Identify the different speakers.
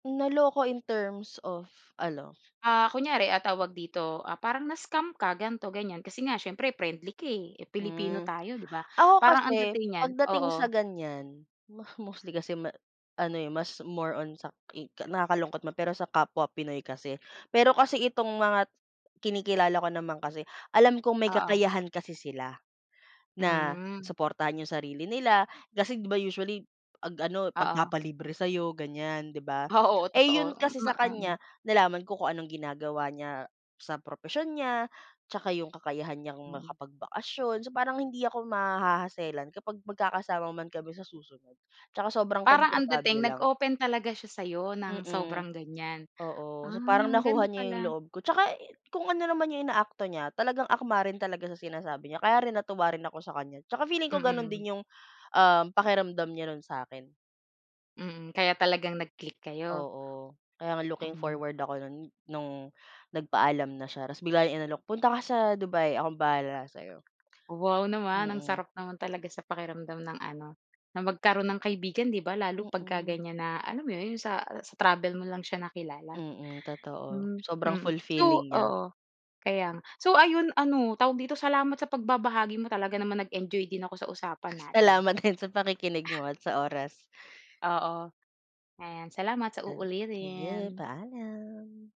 Speaker 1: Naloko in terms of ano?
Speaker 2: Ah, kunyari ah, tawag dito, ah, parang na-scam ka, ganito ganyan kasi nga, siyempre, friendly ka eh. Eh, Pilipino
Speaker 1: Hmm.
Speaker 2: tayo, di ba?
Speaker 1: Ako
Speaker 2: Parang ang
Speaker 1: kasi
Speaker 2: dating niyan
Speaker 1: pagdating sa
Speaker 2: oo.
Speaker 1: ganyan, mo mostly kasi ma ano eh, mas more on sa ki nakakalungkot man pero sa kapwa Pinoy kasi. Pero kasi itong mga kinikilala ko naman kasi, alam kong may
Speaker 2: Oo.
Speaker 1: kakayahan kasi sila. Na
Speaker 2: Hmm.
Speaker 1: suportahan yung sarili nila. Kasi 'di ba usually, 'pag ano,
Speaker 2: Oo.
Speaker 1: magpapalibre sa'yo ganyan, di ba.
Speaker 2: Oo,
Speaker 1: Eh,
Speaker 2: totoo.
Speaker 1: yun kasi
Speaker 2: Ma
Speaker 1: sa
Speaker 2: ah, mm.
Speaker 1: kanya, nalaman ko kung anong ginagawa niya sa propesyon niya, tsaka yung kakayahan niyang
Speaker 2: Mm.
Speaker 1: makapagbakasyon. So, parang hindi ako maha-hassle-an kapag magkakasama man kami sa susunod. Tsaka sobrang
Speaker 2: Parang ang
Speaker 1: komportable
Speaker 2: dating
Speaker 1: lang.
Speaker 2: nag-open talaga siya sa'yo, ng
Speaker 1: Mm,
Speaker 2: sobrang ganyan.
Speaker 1: oo. So, parang
Speaker 2: Ah, ganda
Speaker 1: nakuha niya yung
Speaker 2: pala.
Speaker 1: loob ko. Tsaka i kung ano naman yung inaakto niya, talagang akma rin talaga sa sinasabi niya. Kaya rin natuwa rin ako sa kanya. Tsaka feeling ko ganun
Speaker 2: Mm.
Speaker 1: din yung, um, pakiramdam niya nun sa'kin.
Speaker 2: Mm, kaya talagang nag-click kayo?
Speaker 1: Oo, kaya nga looking
Speaker 2: Mm.
Speaker 1: forward ako no'n, no'ng nagpaalam na siya tapos bigla niya inalok, "Punta ka sa Dubai, akong bahala sa'yo."
Speaker 2: Wow, naman! Ang
Speaker 1: Mm.
Speaker 2: sarap naman talaga sa pakiramdam ng ano, na magkaroon ng kaibigan, 'di ba? Lalo pagka
Speaker 1: Mm.
Speaker 2: ganyan na alam mo 'yon? Sa-sa travel mo lang siya nakilala.
Speaker 1: Mm, totoo.
Speaker 2: Mm,
Speaker 1: Sobrang
Speaker 2: mm. So,
Speaker 1: fulfilling niya.
Speaker 2: oo. Kaya nga. So ayun, ano, tawag dito? Salamat sa pagbabahagi mo, talaga naman nag-enjoy din ako sa usapan natin.
Speaker 1: Salamat din sa pakikinig mo
Speaker 2: Ah.
Speaker 1: at sa oras.
Speaker 2: Oo, ayan. Salamat, sa
Speaker 1: Ah, [unintelligible]
Speaker 2: uulitin.
Speaker 1: Paalam.